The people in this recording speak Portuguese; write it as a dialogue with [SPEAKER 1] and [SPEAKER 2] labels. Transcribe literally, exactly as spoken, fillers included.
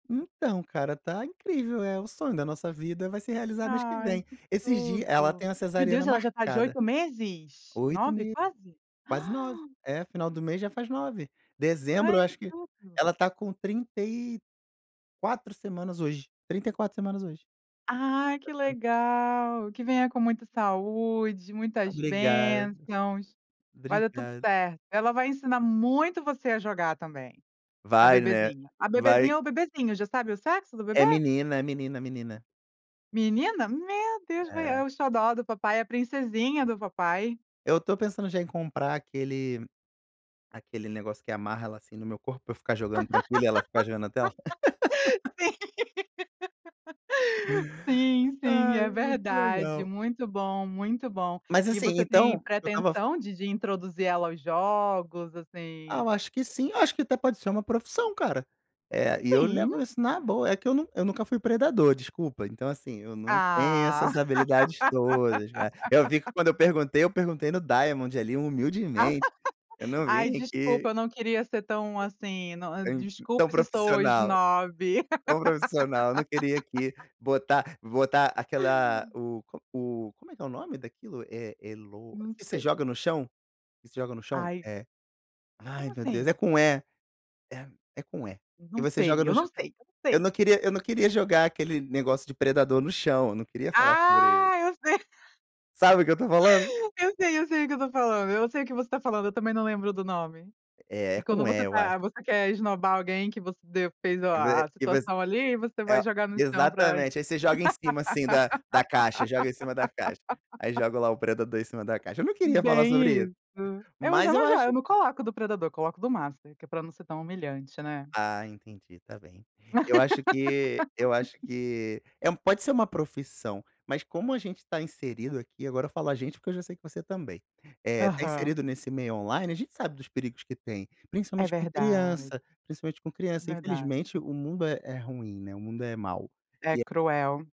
[SPEAKER 1] Então, cara, tá incrível, eh, o sonho da nossa vida vai se realizar mês que
[SPEAKER 2] Ai,
[SPEAKER 1] vem.
[SPEAKER 2] que
[SPEAKER 1] Esses dias ela
[SPEAKER 2] tudo.
[SPEAKER 1] tem uma
[SPEAKER 2] Meu
[SPEAKER 1] cesariana
[SPEAKER 2] Deus, ela já tá de
[SPEAKER 1] marcada
[SPEAKER 2] oito meses,
[SPEAKER 1] oito e
[SPEAKER 2] nove
[SPEAKER 1] meio,
[SPEAKER 2] quase?
[SPEAKER 1] quase nove.
[SPEAKER 2] Ah
[SPEAKER 1] É, final do mês já faz nove. Dezembro,
[SPEAKER 2] Ai,
[SPEAKER 1] eu
[SPEAKER 2] que
[SPEAKER 1] acho que
[SPEAKER 2] tudo!
[SPEAKER 1] ela está com trinta e quatro semanas hoje, trinta e quatro semanas hoje.
[SPEAKER 2] Ai, que
[SPEAKER 1] [unintelligible]
[SPEAKER 2] legal, que venha com muita saúde, muitas
[SPEAKER 1] Obrigado.
[SPEAKER 2] bênçãos, vai dar tudo
[SPEAKER 1] Obrigado.
[SPEAKER 2] certo, ela vai ensinar muito você a jogar também, a
[SPEAKER 1] Vai, né,
[SPEAKER 2] bebezinha. A
[SPEAKER 1] vai.
[SPEAKER 2] bebezinha ou o bebezinho, já sabe o sexo do
[SPEAKER 1] É
[SPEAKER 2] bebê?
[SPEAKER 1] menina, é menina, é menina.
[SPEAKER 2] Menina? Meu Deus, vai
[SPEAKER 1] É.
[SPEAKER 2] é o xodó do papai, a princesinha do papai.
[SPEAKER 1] Eu estou pensando já em comprar aquele aquele negócio que amarra ela, assim, no meu corpo, pra eu ficar
[SPEAKER 2] Sim,
[SPEAKER 1] jogando tranquilo e ela ficar de olho na tela.
[SPEAKER 2] sim, sim,
[SPEAKER 1] Ai,
[SPEAKER 2] é
[SPEAKER 1] muito
[SPEAKER 2] verdade,
[SPEAKER 1] legal.
[SPEAKER 2] muito bom, muito bom
[SPEAKER 1] Mas,
[SPEAKER 2] e
[SPEAKER 1] assim,
[SPEAKER 2] você tem
[SPEAKER 1] então eu estava f
[SPEAKER 2] pretensão de de introduzir ela aos jogos,
[SPEAKER 1] Ah,
[SPEAKER 2] assim?
[SPEAKER 1] eu acho que sim, eu acho que até pode ser uma profissão, cara. Eh, e eu
[SPEAKER 2] Sim.
[SPEAKER 1] levo isso na boa, é que eu nun eu nunca fui predador, desculpa. Então assim, eu não tenho
[SPEAKER 2] Ah.
[SPEAKER 1] essas habilidades todas, cara. Eu vi que quando eu perguntei, eu perguntei no Diamond ali, humildemente. Eu não
[SPEAKER 2] "Ai,
[SPEAKER 1] vim
[SPEAKER 2] desculpa
[SPEAKER 1] aqui
[SPEAKER 2] eu não queria ser tão, assim, não, eh
[SPEAKER 1] Em tão
[SPEAKER 2] desculpe se sou
[SPEAKER 1] profissional.
[SPEAKER 2] esnobe".
[SPEAKER 1] Tão profissional, eu não queria aqui botar botar aquela o co o como é que é o nome daquilo? É é "lo"
[SPEAKER 2] Não
[SPEAKER 1] que você
[SPEAKER 2] sei.
[SPEAKER 1] joga no chão? Você joga no chão?
[SPEAKER 2] Ai.
[SPEAKER 1] É. Ai,
[SPEAKER 2] Como
[SPEAKER 1] meu Deus, é
[SPEAKER 2] assim?
[SPEAKER 1] com "e". É com "e".
[SPEAKER 2] Não
[SPEAKER 1] E você joga
[SPEAKER 2] sei, eu
[SPEAKER 1] no
[SPEAKER 2] não
[SPEAKER 1] chão
[SPEAKER 2] sei, eu não
[SPEAKER 1] eu
[SPEAKER 2] sei.
[SPEAKER 1] não queria eu não queria jogar aquele negócio de predador no chão, eu não queria falar por ele.
[SPEAKER 2] Ah, eu sei,
[SPEAKER 1] Sabe o que eu estou falando?
[SPEAKER 2] eu sei, eu sei o que eu estou falando, eu sei o que você está falando, eu também não lembro do nome.
[SPEAKER 1] É
[SPEAKER 2] E quando
[SPEAKER 1] com "e",
[SPEAKER 2] você
[SPEAKER 1] eu acho.
[SPEAKER 2] tá você quer esnobar alguém que você de fez o
[SPEAKER 1] Que
[SPEAKER 2] a a
[SPEAKER 1] ve que você
[SPEAKER 2] situação ali, você
[SPEAKER 1] é
[SPEAKER 2] vai
[SPEAKER 1] o
[SPEAKER 2] jogar no chão pra isso
[SPEAKER 1] exatamente. Aí você joga em cima assim da da caixa, joga em cima da caixa. Aí joga lá o predador em cima da caixa. Eu não queria falar sobre
[SPEAKER 2] Bem
[SPEAKER 1] isso,
[SPEAKER 2] isso. É, mas
[SPEAKER 1] mas
[SPEAKER 2] eu
[SPEAKER 1] eu
[SPEAKER 2] não jo
[SPEAKER 1] acho
[SPEAKER 2] eu não coloco do predador, coloco do master que é pra não ser tão humilhante, né?
[SPEAKER 1] Ah, entendi, está bem. Eu acho que eu acho que, é um pode ser uma profissão, mas como a gente está inserido aqui, agora falo "a gente" porque eu já sei que você também, eh, tá
[SPEAKER 2] Aham.
[SPEAKER 1] inserido nesse meio online, a gente sabe dos perigos que tem,
[SPEAKER 2] É
[SPEAKER 1] principalmente com
[SPEAKER 2] verdade.
[SPEAKER 1] criança, principalmente com
[SPEAKER 2] é
[SPEAKER 1] criança, infelizmente
[SPEAKER 2] verdade.
[SPEAKER 1] o mundo é é ruim, né, o mundo é mau.
[SPEAKER 2] É,
[SPEAKER 1] E a
[SPEAKER 2] cruel.